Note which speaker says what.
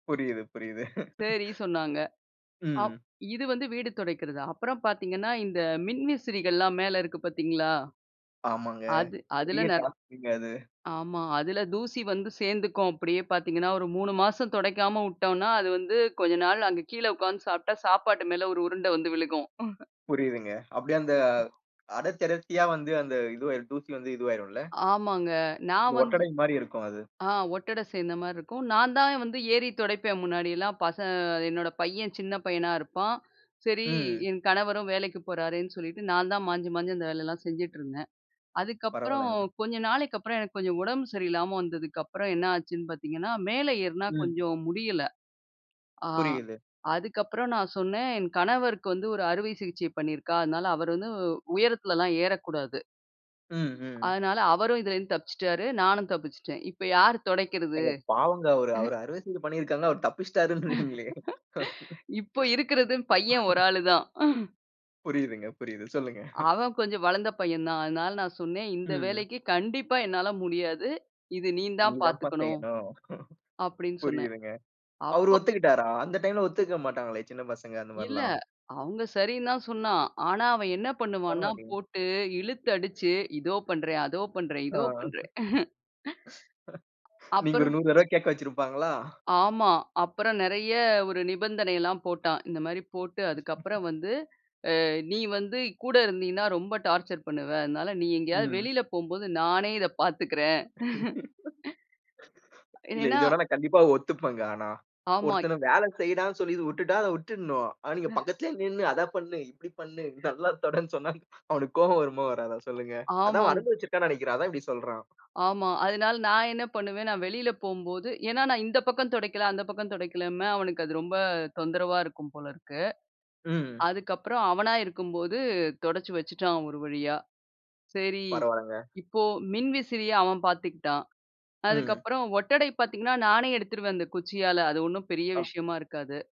Speaker 1: புரியிது, புரியிது.
Speaker 2: சரி, சொன்னாங்க. அப்
Speaker 1: ம்.
Speaker 2: இது வந்து வீடு துடைக்கிறது. அப்புறம் பார்த்தீங்கன்னா, இந்த மின்விசிறிகள்லாம் மேல இருக்கு பார்த்தீங்களா?
Speaker 1: ஆமாங்க.
Speaker 2: அது அதுல
Speaker 1: பெரிய
Speaker 2: நெ
Speaker 1: டாஸ்க்ங்க அது.
Speaker 2: ஆமா, அதில தூசி வந்து சேர்ந்துக்கும் அப்டியே பார்த்தீங்கன்னா, ஒரு 3 மாசம் துடைக்காம விட்டோம்னா, அது வந்து கொஞ்ச நாள் அங்க கீழ உட்கார்ந்து சாப்பிட்டா, சாப்பாட்டு மேல ஒரு உருண்டை வந்து விழுகும்.
Speaker 1: புரியிதுங்க. அப்டியே அந்த அடர்த்தி அடர்த்தியா வந்து அந்த இதுவாயிரும் துசி வந்து இதுவாயிரும் இல்ல?
Speaker 2: ஆமாங்க. நான் வந்து
Speaker 1: ஒட்டடை மாரி இருக்கும் அது.
Speaker 2: ஆ ஒட்டட சேர்ந்த மாரி இருக்கும். நான் தான் வந்து ஏறி துடைப்பேன் முன்னாடியெல்லாம் பசங் என்னோட பையன் சின்ன பையனா இருப்பான். சரி,
Speaker 1: ம்.
Speaker 2: என் கணவரும் வேலைக்கு போறார்ன்னு சொல்லிட்டு நான் தான் மாஞ்சி மாஞ்சி அந்த வேலையெல்லாம் செஞ்சுட்ருந்தேன். அதுக்கப்புறம்
Speaker 1: பரவாலங்க.
Speaker 2: கொஞ்ச நாளைக்கப்புறம் எனக்கு கொஞ்சம் உடம்பு சரியில்லாம வந்ததுக்கப்புறம் என்ன ஆச்சுன்னு பார்த்தீங்கன்னா, மேல ஏறினா
Speaker 1: ம்.
Speaker 2: கொஞ்சம் முடியல ஆ
Speaker 1: புரியிது.
Speaker 2: அதுக்கப்புறம் நான் சொன்னேன், என் கணவருக்கு வந்து ஒரு அறுவை சிகிச்சை பண்ணியிருக்கா. அதனால அவரு வந்து உயரத்துலலாம் ஏற கூடாது.
Speaker 1: ம், ம்.
Speaker 2: அதனால அவரும் இதுல இருந்து தப்பிச்சுட்டாரு. நானும் தப்பிச்சுட்டேன். இப்ப யாரு தொடைக்கிறது.
Speaker 1: ஏங்க, பாவங்க அவரு அவரு அறுவை சிகிச்சை பண்ணியிருக்காங்க. அவரு தப்பிச்சிட்டாருன்றீங்களே?
Speaker 2: இப்போ இருக்கிறது பையன் ஒரு ஆளு தான்.
Speaker 1: புரியிதுங்க, புரியிது. சொல்லுங்க.
Speaker 2: அவன் கொஞ்சம் வளர்ந்த பையன் தான். அதனால நான் சொன்னேன் இந்த
Speaker 1: ம்.
Speaker 2: வேலைக்கு கண்டிப்பா என்னால முடியாது. இது நீ
Speaker 1: நீ
Speaker 2: தான்
Speaker 1: தான்ப்பா
Speaker 2: பாத்துக்கணும்.
Speaker 1: செய்யணும்.
Speaker 2: அப்டின் சொன்னேன்.
Speaker 1: புரியிதுங்க. அவரு
Speaker 2: அப்போ
Speaker 1: ஒத்துக்கிட்டாரா? அந்த டைம்ல ஒத்துக்க மாட்டாங்களே சின்ன பசங்க அந்த
Speaker 2: இல்ல,
Speaker 1: மாரிலாம்.
Speaker 2: அவங்க சரின்னு தான் சொன்னான். ஆனா, அவன் என்ன பண்ணுவான்னா,
Speaker 1: பரவாயில்லையே.
Speaker 2: போட்டு இழுத்து அடிச்சு இதோ பண்றேன், அதோ பண்றேன்,
Speaker 1: ஆ.
Speaker 2: இதோ பண்றேன்.
Speaker 1: நீங்க ஒரு
Speaker 2: அப்புறம்
Speaker 1: 100 தடவ கேட்க வச்சிருப்பாங்களா?
Speaker 2: ஆமா, அப்புறம் நெறைய ஒரு நிபந்தனைல்லாம் போட்டான். இந்த மாரி போட்டு அதுக்கப்புறம் வந்து அ நீ வந்து கூட இருந்தினா ரொம்ப டார்ச்சர் பண்ணுவ. அதனால நீ எங்கயாவது
Speaker 1: ம்.
Speaker 2: வெளில போம்போது நானே இத பாத்துக்கறேன்.
Speaker 1: இல்ல.
Speaker 2: ஏன்னா
Speaker 1: இது வேணா, நான் கண்டிப்பா ஒத்துப்பேன்ங்க ஆனா.
Speaker 2: ஆமாய்
Speaker 1: ஒருத்தன வேலை செய்டான்னு சொல்லி விட்டுட்டா, அத விட்டுடணும். ஆனா, நீங்க பக்கத்திலேயே நின்னு அத பண்ணு, இப்டி பண்ணு, நல்லா தொடைன் சொன்னா அவனுக்கு கோவம், வருமா வராத சொல்லுங்க? அதான் அவன்
Speaker 2: ஆமாங்
Speaker 1: அனுபவிச்சுருக்கான் நெனைக்கிறேன், அதான் இப்டி சொல்றான்.
Speaker 2: ஆமா, அதுனால நான் என்ன பண்ணுவேன், நான் வெளில போகம்போது ஏன்னா, நான் இந்த பக்கம் தொடைக்கல அந்த பக்கம் துடைக்கலன்னு அவனுக்கு அது ரொம்ப தொந்தரவா இருக்கும் போல இருக்கு.
Speaker 1: ம்.
Speaker 2: அதுக்கப்புறம் அவனா இருக்கும்போது துடைச்சு வச்சுட்டான் ஒரு வழியா. சரி,
Speaker 1: பரவாலங்க.
Speaker 2: இப்போ மின்விசிறிய அவன் பார்த்துக்குட்டான்.
Speaker 1: ம்.
Speaker 2: அதுக்கப்புறம் ஒட்டடை பார்த்தீங்கன்னா, நானே எடுத்துருவேன் அந்த குச்சியால அது ஒன்னும் பெரிய
Speaker 1: அ.
Speaker 2: விஷயமா இருக்காது.